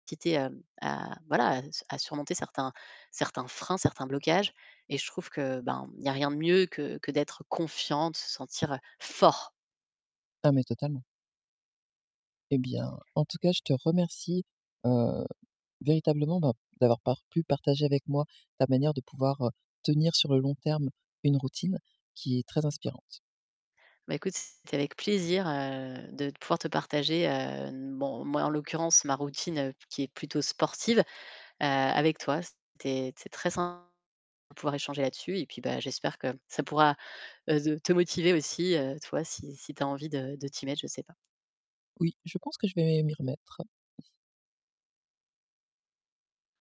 [unintelligible] hem, à voilà à s à surmonter certains certains freins, certains blocages et je trouve que, ben, il y a rien de mieux que que d'être confiant, de se sentir fort. Ah, mais totalement. Et bien, en tout cas, je te remercie, heu, véritablement, bah, d'avoir par pu partager avec moi ta manière de pouvoir, heu, tenir sur le long terme une routine qui est très inspirante. Bah, écoute, c'était avec plaisir, heu, de pouvoir te partager, hem, bon, moi en l'occurrence ma routine, qui est plutôt sportive, heu, avec toi. C'était c'est très [unintelligible] de pouvoir échanger là-dessus et puis, bah, j'espère, que ça pourra, heu, z te motiver aussi, heu, toi, si si tu as envie de de t'y mettre, je sais pas. Oui, je pense que je vais m'y remettre.